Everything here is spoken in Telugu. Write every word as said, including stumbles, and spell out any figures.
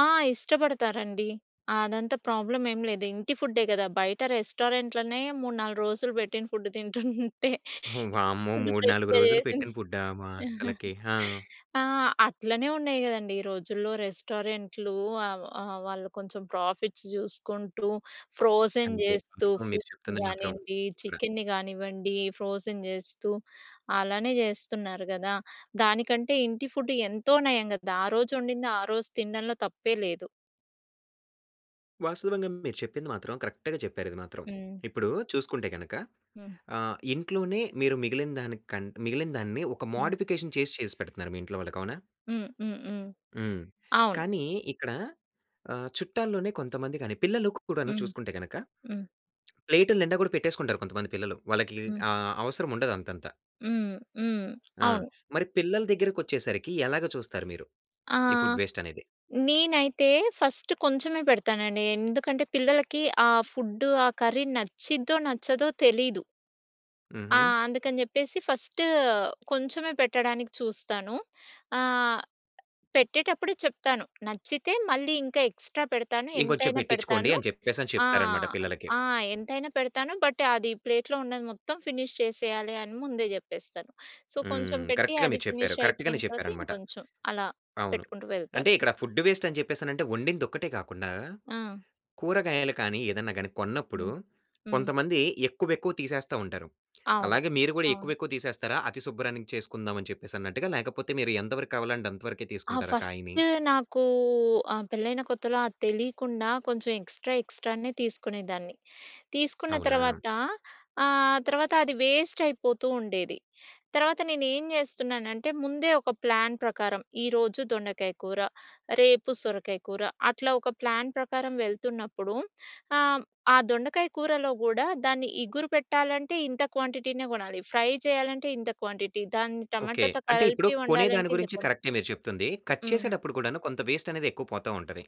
ఆ! ఇష్టపడతారండి. అదంతా ప్రాబ్లమ్ ఏం లేదు. ఇంటి ఫుడ్డే గదా! బయట రెస్టారెంట్‌‌లొనే మూడు నాలుగు రోజులు పెట్టిన ఫుడ్ తింటుంటే హ్మ్. వామ్మో! ఫుడ్ మూడు నాలుగు ఫ్రెష్‌గా రోజులు పెట్టిన జేసింది. ఫుడ్డా మా హాస్టల్‌ల‌కి! ఆ! ఆ! అట్లనే ఉన్నాయి గదండీ ఈ రోజుల్లో రెస్టారెంట్లు ఆ ఆహ్, వాళ్ళు కొంచెం ప్రాఫిట్స్ జూసుకుంటూ ఫ్రోజెన్ అంతే. జేస్తూ వాస్తవం మీరు ఫుడ్‌ని చెప్తుంది మాత్రం గానియండి ఇక్కడ. చికెన్ని గానివ్వండి ఫ్రోజెన్ జేస్తూ అలానే జేస్తున్నారు గదా! దానికంటే ఇంటి ఫుడ్డు ఎంతో నయం గదా! ఆరోజు వండింది ఆరోజు తినడంలో తప్పే లేదు. వాస్తవంగా మీరు చెప్పింది మాత్రం కరెక్ట్‌గా చెప్పారు ఇది మాత్రం. హ్మ్. ఇప్పుడు చూసుకుంటే గనుక హ్మ్. ఆహ్, ఇంట్లోనే మీరు మిగిలిన దానికన్ మిగిలిన దాన్ని ఒక హ్మ్. మోడిఫికేషన్ చేసి చేసి పెడుతున్నారు మీ ఇంట్లో వాళ్ళకి అవునా? హ్మ్. హ్మ్. హ్మ్. హ్మ్. అవును. కానీ ఇక్కడ ఆహ్, చుట్టాల్లోనే కొంతమంది గాని పిల్లలు కూడాను హ్మ్. చూసుకుంటే గనక, హ్మ్. ప్లేటుల నిండా గూడా పెట్టేసుకుంటారు కొంతమంది పిల్లలు. వాళ్ళకి హ్మ్. ఆహ్, అవసరం ఉండదంతత. హ్మ్. హ్మ్. ఆ! అవును. మరి పిల్లల దగ్గరికొచ్చేసరికి ఎలాగా చూస్తారు మీరు? ఈ ఆహ్, ఫుడ్ వేస్టనేది? నేనైతే ఫస్ట్ కొంచెమే పెడతానండి. ఎందుకంటే పిల్లలకి ఆ ఫుడ్డు ఆ కర్రీ నచ్చిద్దో నచ్చదో తెలీదు. ఆ! హుహు. అందుకని జెప్పేసి ఫస్టు కొంచెమే పెట్టడానికి చూస్తాను. ఆ! పెట్టేటప్పుడే చెప్తాను. నచ్చితే మళ్ళీ ఇంకా ఎక్స్‌ట్రా పెడతాను. ఇంకొంచెం ఎంతైనా పెట్టించుకోండి పెడతాను. అని చెప్పేసని ఆ! చెప్తారన్నమాట పిల్లలకి. ఆ! ఎంతైనా పెడతాను. బట్ అది ప్లేట్‌లో ఉన్నది మొత్తం ఫినిష్ చేసేయాలి అని ముందే జెప్పేస్తాను. సో కొంచెం హ్మ్. పెట్టి కరెక్ట్‌గా అది మీరు చెప్పారు. కరెక్ట్‌గానే ఫినిషయిపోయిన తర్వాత చెప్పారన్నమాట. ఇంకొంచెం అలా అవును. పెట్టుకుంటూ అంటే వెళ్తాను. ఇక్కడ ఫుడ్ వేస్ట్ అని చెప్పేసానంటే వండిందొక్కటే గాకుండా. ఆ! కూరగాయలు కానీ ఏదన్నా గాని కొన్నప్పుడు హ్మ్. హ్మ్. కొంతమంది ఎక్కువెక్కువ తీసేస్తా ఉంటారు. అవును. అలాగే మీరు కూడా అవును. ఎక్కువెక్కువ తీసేస్తారా? అతి శుబ్రాన్నికి చేసుకుందాం అని చెప్పేసన్నట్టుగా? లేకపోతే మీరు ఎంత వరకు కావాలంటే అంత వరకే ఆ తీసుకుంటారా కాయని? ఫస్టు నాకు ఆహ్, పెళ్ళైన కొత్తలో అది తెలియకుండా కొంచెం ఎక్స్‌ట్రా ఎక్స్‌ట్రానే తీసుకునేదాన్ని. తీసుకున్న అవునా? తర్వాత. ఆహ్, తర్వాతది వేస్టయిపోతూ ఉండేది. తర్వాత నేను ఏం జేస్తున్నానంటే ముందే ఒక ప్లాన్ ప్రకారం ఈరోజు దొండకాయ కూర రేపు సొరకాయ కూర అట్లా ఒక ప్లాన్ ప్రకారం వెళ్తున్నప్పుడు ఆహ్, ఆ దొండకాయ కూరలో గూడా దాన్ని ఇగురు పెట్టాలంటే ఇంత క్వాంటిటీనే గొనాలి. ఫ్రై చేయాలంటే ఇంత క్వాంటిటీ. దాన్ని ఓకే. టమాటోతో అంటే ఇప్పుడు కలిపి కొనే దాని వండాలంటే ఇంత గురించి క్వాంటి కరెక్టే మీరు చెప్తుంది. కట్ హ్మ్. చేసేటప్పుడు కూడాను కొంత వేస్టనేది ఎక్కువ పోతావుంటది.